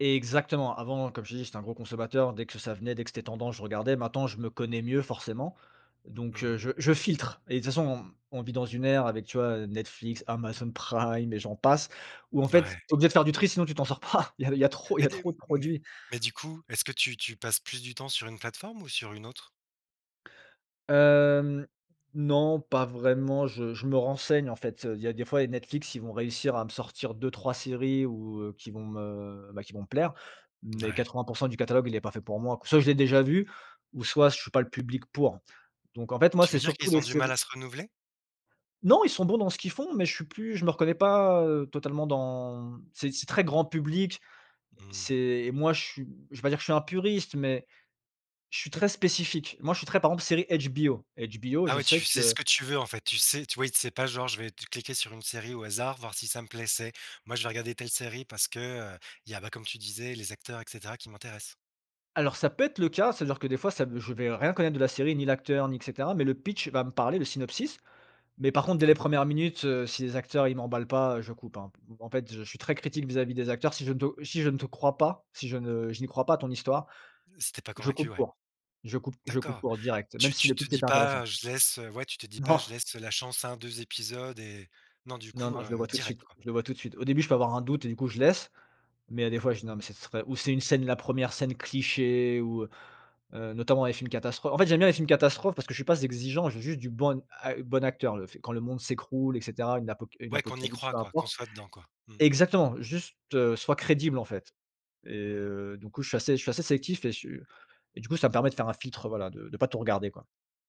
Exactement. Avant, comme je t'ai dit, j'étais un gros consommateur, dès que ça venait, dès que c'était tendance, je regardais, maintenant, je me connais mieux forcément. Mmh Donc, heu, mh. je je filtre et de toute façon, on vit dans une ère avec, tu vois, Netflix, Amazon Prime et j'en passe, où en fait, Ouais. tu es obligé de faire du tri, sinon tu t'en sors pas, il y a il y a trop il y Mais a des trop de mais produits. mais du coup, est-ce que tu tu passes plus du temps sur une plateforme ou sur une autre? Hem, non, pas vraiment, je je me renseigne en fait, il y a des fois, Netflix, ils vont réussir à me sortir 2-3 séries ou, heu, qui vont me, bah, qui vont me plaire, mais Ouais. 80 % du catalogue, il est pas fait pour moi, soit je l'ai déjà vu ou soit je suis pas le public pour. Donc en fait, moi, Tu veux c'est dire surtout qu'ils ont les du mal séries à se renouveler? Non, ils sont bons dans ce qu'ils font, mais je suis plus je me reconnais pas, heu, totalement dans c'est c'est très grand public, Mmh. c'est moi, je suis, je vais pas dire que je suis un puriste, mais je suis très spécifique. Moi, je suis très par exemple, série HBO. HBO, Ah je ouais, sais tu sais ce que que tu veux, en fait, tu sais, tu vois, i c'est pas genre: «Je vais t cliquer sur une série au hasard, voir si ça me plait». C'est: «Moi, je vais regarder telle série parce que, heu, il y a, bah- comme tu disais- les acteurs et cetera qui m'intéressent». Alors, ça peut être le cas, ça veut dire que des fois ça v je vais rien connaître de la série, ni l'acteur ni, et cetera, mais le pitch va me parler, le synopsis, mais par contre dès les Ouais. 1res minutes, heu, si les acteurs, ils m'emballent pas, heu, je coupe, hein. P en fait, je suis très critique vis-à-vis des acteurs, si je ne te si je ne te crois pas, si je ne je n'y crois pas à ton histoire, Heu, si tu es pas je convaincu, coupe ouais. court, je coupe je coupe D'accord. court direct, même Tu si tu le te pitch dis était intéressant. pas: «Je laisse». Heu, Ouais, tu te dis pas: Non. «Je laisse la chance à 1-2 épisodes» et non, du Non, coup, non, je le vois heu, tout de direct suite, quoi. je le vois tout de suite. Au début, je peux avoir un doute et du coup, je laisse, mais il y a des Mmh mh. fois, je dis «non, mais, ce serait», ou c'est une scène, la 1re scène cliché, ou, heu, notamment, les films catastrophes. En fait, j'aime bien les films catastrophes, parce que je suis pas z exigeant, j'ai juste du bon ac bon acteur, le fait quand le monde s'écroule et cetera, une apoca une Ouais, qu'on y apocalypse, croit peu quoi, qu'on importe. soit dedans quoi. Mmh. Exactement, juste, heu, soit crédible, en fait. Et, Mmh mh. heu, du coup je suis assez je suis assez sélectif et je suis et du coup, ça me permet de faire un filtre voilà de de pas tout regarder quoi.